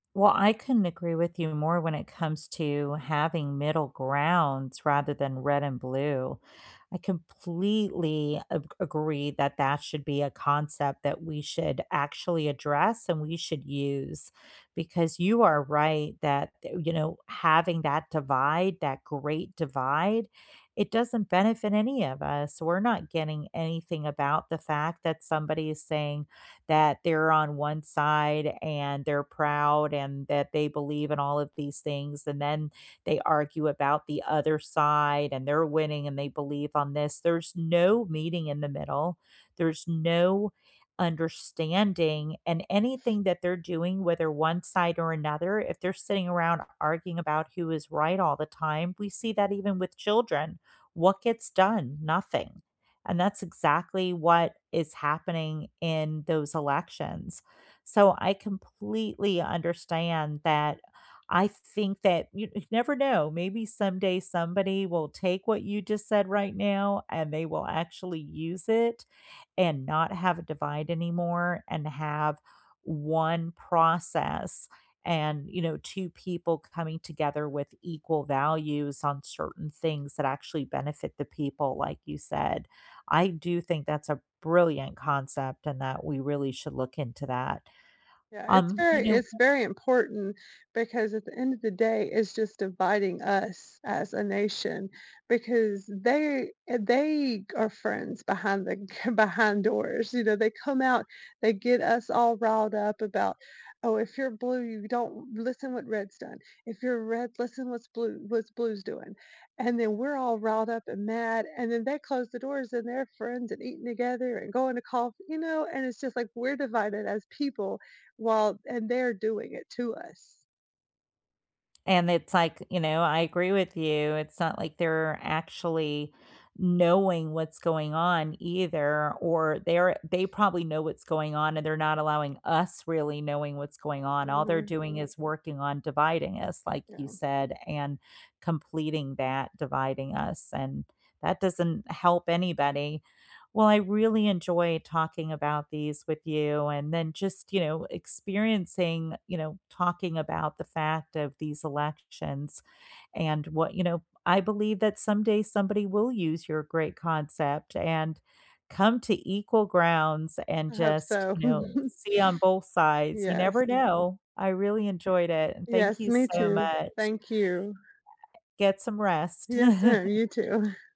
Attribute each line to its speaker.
Speaker 1: Well, I couldn't agree with you more when it comes to having middle grounds rather than red and blue. I completely a agree that that should be a concept that we should actually address and we should use because you are right that, th you know, having that divide, that great divide, it doesn't benefit any of us. We're not getting anything about the fact that somebody is saying that they're on 1 side and they're proud and that they believe in all of these things and then they argue about the other side and they're winning and they believe on this. There's no meeting in the middle, there's no understanding and anything that they're doing, whether 1 side or another, if they're sitting around arguing about who is right all the time, we see that even with children. What gets done? Nothing. And that's exactly what is happening in those elections. So, I completely understand that I think that you you never know, maybe someday somebody will take what you just said right now, and they will actually use it and not have a divide anymore and have 1 process and, you know, 2 people c coming together with equal values on certain things that actually benefit the people, like you said. I do think that's a brilliant concept and that we really should look into that.
Speaker 2: Yeah. It's
Speaker 1: Um, you
Speaker 2: very
Speaker 1: know
Speaker 2: it's very important because, at the end of the day, it's just dividing us as a nation because they eh, they are friends behind the behind doors, you know? They come out, they get us all riled up about, "Oh, if you're blue, don't listen what reds done. If you're red, listen what's blue what's blue's doing," and then we're all riled up and mad and then they close the doors and they're friends and eating together and going to coff you know? And it's just like, we're divided as people while and they're doing it to us.
Speaker 1: And it's like, you know, I agree with you. It's not like they're actually knowing what's going on either, or they're they probably know what's going on, and they're not allowing us really knowing what's going on. All they're
Speaker 2: Mhm.
Speaker 1: doing is working on dividing us, like you
Speaker 2: No.
Speaker 1: said, and completing that dividing us, and that doesn't help anybody. Well, I really enjoy talking about these with you, and then just, you know, experiencing, you know, talking about the fact of these elections, and what you know, I believe that someday somebody will use your great concept and come to equal grounds and
Speaker 2: I hope
Speaker 1: just,
Speaker 2: so.
Speaker 1: you know, see on both sides, you
Speaker 2: Yes.
Speaker 1: never know. I really enjoyed it. Thank
Speaker 2: Yes,
Speaker 1: you
Speaker 2: me
Speaker 1: so
Speaker 2: too.
Speaker 1: much.
Speaker 2: Thank you.
Speaker 1: Get some rest.
Speaker 2: Yes, ma'am. You too.